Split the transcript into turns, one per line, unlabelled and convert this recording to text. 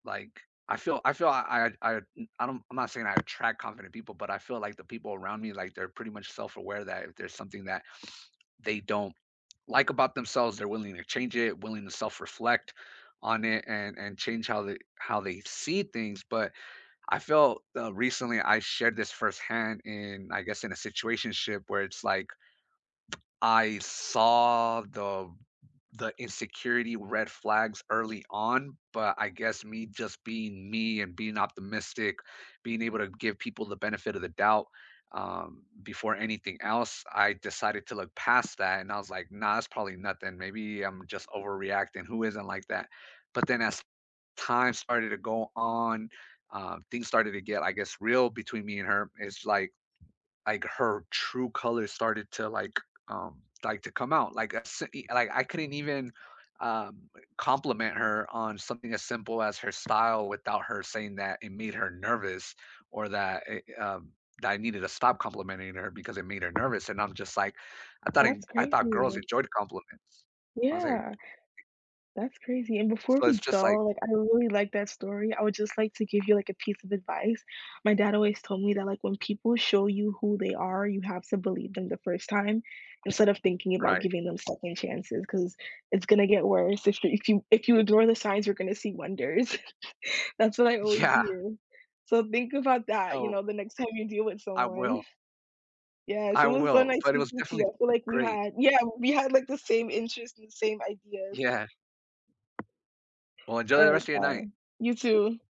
Like, I feel I feel I I I don't I'm not saying I attract confident people, but I feel, like, the people around me, like, they're pretty much self-aware that if there's something that they don't like about themselves, they're willing to change it, willing to self-reflect on it, and and change how they how they see things, but I felt, uh, recently, I shared this firsthand in, I guess, in a situationship where it's like I saw the b the insecurity, red flags early on, but I guess me just being me and being optimistic, being able to give people the benefit of the doubt, um, before anything else, I decided to look past that, and I was like, "Nah, it's probably nothing, maybe I'm just overreacting, who isn't like that?" But then as time started to go on, uh, things started to get, I guess, real between me and her, it's, like like her true color started to, like, um, like, to come out, like, I seen eh, like, I couldn't even, um, compliment her on something as simple as her style without her saying that it made her nervous or that it, um that I needed to stop complimenting her because it made her nervous, and I'm just like, I thought in
That's
I thought girls
crazy.
enjoyed compliments. I was like
Yeah. That's crazy, and before
So,
we
it's just, like
go, like, I really liked that story, I would just, like, to give you, like, a piece of advice, my dad always told me that, like, when people show you who they are, you have to believe them the first time, instead of thinking about
Right.
giving them second chances, 'cause it's gonna get worse, if you if you if you ignore the signs, you're gonna see wonders. That's what I always
Yeah.
hear. So think about that, you
No.
know, the next time you deal with
I will.
someone. Yes,
I
it was so
will,
nice
but it was
speaking to you,
definitely
I feel like we
great.
had yeah, we had, like, the same interests and same ideas.
Yeah. Well, enjoy the
Alright,
rest of your night.
bye. You too.